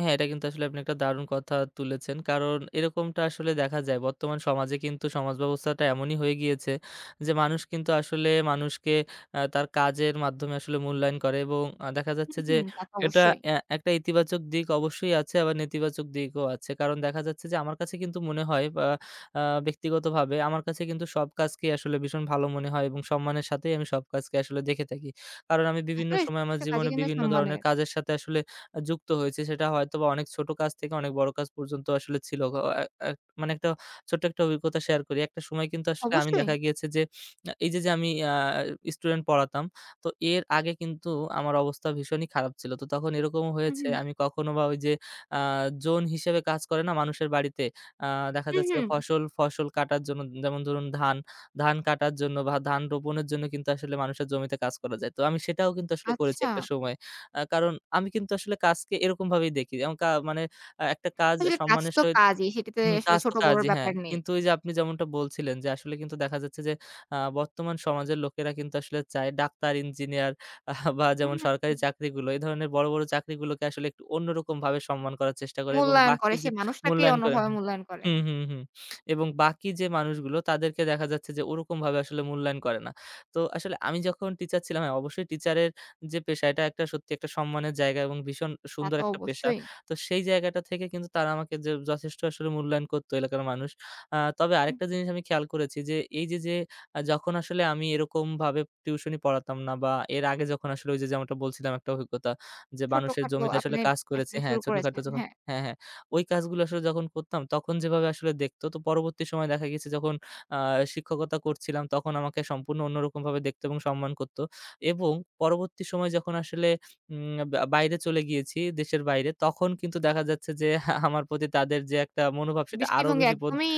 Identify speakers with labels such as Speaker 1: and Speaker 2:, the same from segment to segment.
Speaker 1: হ্যাঁ, এটা কিন্তু আসলে আপনি একটা দারুণ কথা তুলেছেন। কারণ এরকমটা আসলে দেখা যায়। বর্তমান সমাজে কিন্তু সমাজব্যবস্থাটা এমনই হয়ে গিয়েছে যে, মানুষ কিন্তু আসলে মানুষকে এ তার কাজের মাধ্যমে আসলে মূল্যায়ন করে এবং আ দেখা
Speaker 2: হুম,
Speaker 1: যাচ্ছে যে,
Speaker 2: হুম। তা তো
Speaker 1: এটা
Speaker 2: অবশ্যই।
Speaker 1: অ্যা একটা ইতিবাচক দিক অবশ্যই আছে। আবার নেতিবাচক দিকও আছে। কারণ দেখা যাচ্ছে যে, আমার কাছে কিন্তু মনে হয় অ্যা ব্যক্তিগতভাবে আমার কাছে কিন্তু সব কাজকেই আসলে ভীষণ ভালো মনে হয় এবং সম্মানের সাথেই আমি সব কাজকে আসলে দেখে থাকি। কারণ আমি বিভিন্ন
Speaker 2: আসলে
Speaker 1: সময়ে আমার
Speaker 2: প্রত্যেকটা কাজই
Speaker 1: জীবনে
Speaker 2: কিন্তু
Speaker 1: বিভিন্ন ধরনের
Speaker 2: সম্মানের।
Speaker 1: কাজের সাথে আসলে আ যুক্ত হয়েছি। সেটা হয়তোবা অনেক ছোটো কাজ থেকে অনেক বড়ো কাজ পর্যন্ত আসলে ছিল। এ এ মানে একটা ছোট্ট একটা অভিজ্ঞতা শেয়ার করি। একটা সময় কিন্তু আসলে আমি দেখা
Speaker 2: অবশ্যই।
Speaker 1: গিয়েছে যে, আ এই যে, যে, আমি অ্যা স্টুডেন্ট পড়াতাম তো এর আগে কিন্তু আমার অবস্থা ভীষণই খারাপ ছিল। তো তখন এরকমও
Speaker 2: হুম,
Speaker 1: হয়েছে
Speaker 2: হুম।
Speaker 1: আমি কখনো বা ওই যে, অ্যা জোন হিসেবে কাজ করে না মানুষের বাড়িতে। আ দেখা
Speaker 2: হুম,
Speaker 1: যাচ্ছে
Speaker 2: হুম।
Speaker 1: ফসল, ফসল কাটার জন্য যেমন ধরুন ধান, ধান কাটার জন্য বা ধান রোপণের জন্য কিন্তু আসলে মানুষের জমিতে কাজ করা যায়। তো আমি সেটাও কিন্তু আসলে করেছি একটা
Speaker 2: আচ্ছা।
Speaker 1: সময়। আ কারণ আমি কিন্তু আসলে কাজকে এরকমভাবেই দেখি এবং কা মানে একটা কাজ
Speaker 2: আসলে কাজ
Speaker 1: সম্মানের
Speaker 2: তো
Speaker 1: সহিত,
Speaker 2: কাজই। সেটি তো
Speaker 1: হুম,
Speaker 2: আসলে
Speaker 1: কাজ তো
Speaker 2: ছোট বড়
Speaker 1: কাজই, হ্যাঁ।
Speaker 2: ব্যাপার নেই।
Speaker 1: কিন্তু ওই যে, আপনি যেমনটা বলছিলেন যে, আসলে কিন্তু দেখা যাচ্ছে যে, আ বর্তমান সমাজের লোকেরা কিন্তু আসলে চায় ডাক্তার, ইঞ্জিনিয়ার বা যেমন
Speaker 2: হুম,
Speaker 1: সরকারি
Speaker 2: হুম।
Speaker 1: চাকরিগুলো। এই ধরনের বড়, বড় চাকরিগুলোকে আসলে একটু অন্যরকমভাবে সম্মান করার চেষ্টা করে এবং
Speaker 2: মূল্যায়ন করে।
Speaker 1: বাকি
Speaker 2: সে
Speaker 1: যে,
Speaker 2: মানুষটাকেই
Speaker 1: মূল্যায়ন করেন
Speaker 2: অন্যভাবে মূল্যায়ন করে।
Speaker 1: হুম, হুম, হুম, এবং বাকি যে, মানুষগুলো তাদেরকে দেখা যাচ্ছে যে, ওরকমভাবে আসলে মূল্যায়ন করে না। তো আসলে আমি যখন টিচার ছিলাম, হ্যাঁ। অবশ্যই টিচারের যে, পেশা এটা একটা সত্যি একটা সম্মানের জায়গা এবং ভীষণ
Speaker 2: তা
Speaker 1: সুন্দর
Speaker 2: তো
Speaker 1: একটা পেশা।
Speaker 2: অবশ্যই।
Speaker 1: তো সেই জায়গাটা থেকে কিন্তু তারা আমাকে যে, যথেষ্ট আসলে মূল্যায়ন করতো এলাকার মানুষ। আ তবে
Speaker 2: হুম।
Speaker 1: আরেকটা জিনিস আমি খেয়াল করেছি যে, এই যে, যে, যখন আসলে আমি এরকমভাবে টিউশন ই পড়াতাম না বা এর আগে যখন আসলে ওই যে, যেমনটা বলছিলাম একটা অভিজ্ঞতা যে, মানুষের
Speaker 2: ছোটখাটো
Speaker 1: জমিতে আসলে
Speaker 2: আপনি
Speaker 1: কাজ করেছে
Speaker 2: আসলে
Speaker 1: হ্যাঁ,
Speaker 2: শুরু
Speaker 1: ছোটোখাটো
Speaker 2: করেছেন,
Speaker 1: যখন
Speaker 2: হ্যাঁ।
Speaker 1: হ্যাঁ, হ্যাঁ। ওই কাজগুলো আসলে যখন করতাম তখন যেভাবে আসলে দেখত তো পরবর্তী সময়ে দেখা গেছে যখন আ শিক্ষকতা করছিলাম তখন আমাকে সম্পূর্ণ অন্যরকমভাবে দেখতো এবং সম্মান করতো এবং পরবর্তী সময়ে যখন আসলে উম আ বাইরে চলে গিয়েছি দেশের বাইরে তখন কিন্তু দেখা যাচ্ছে যে, আমার প্রতি তাদের যে, একটা মনোভাব সেটা
Speaker 2: দৃষ্টি
Speaker 1: আরও
Speaker 2: ভঙ্গি
Speaker 1: বেশি বদ
Speaker 2: একদমই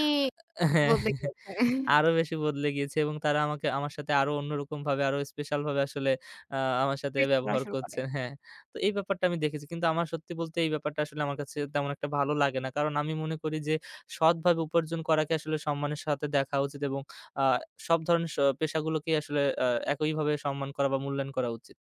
Speaker 2: বদলে গিয়েছে।
Speaker 1: আরো বেশি বদলে গিয়েছে এবং তারা আমাকে আমার সাথে আরো অন্যরকমভাবে আরও স্পেশাল ভাবে আসলে আ আমার সাথে
Speaker 2: ফিট করা
Speaker 1: ব্যবহার
Speaker 2: শুরু করে।
Speaker 1: করছে, হ্যাঁ। তো এই ব্যাপারটা আমি দেখেছি কিন্তু আমার সত্যি বলতে এই ব্যাপারটা আসলে আমার কাছে তেমন একটা ভালো লাগে না। কারণ, আমি মনে করি যে, সৎভাবে উপার্জন করাকে আসলে সম্মানের সাথে দেখা উচিত এবং অ্যা সব ধরনের শো পেশাগুলোকেই আসলে অ্যা একইভাবে সম্মান করা বা মূল্যায়ন করা উচিত।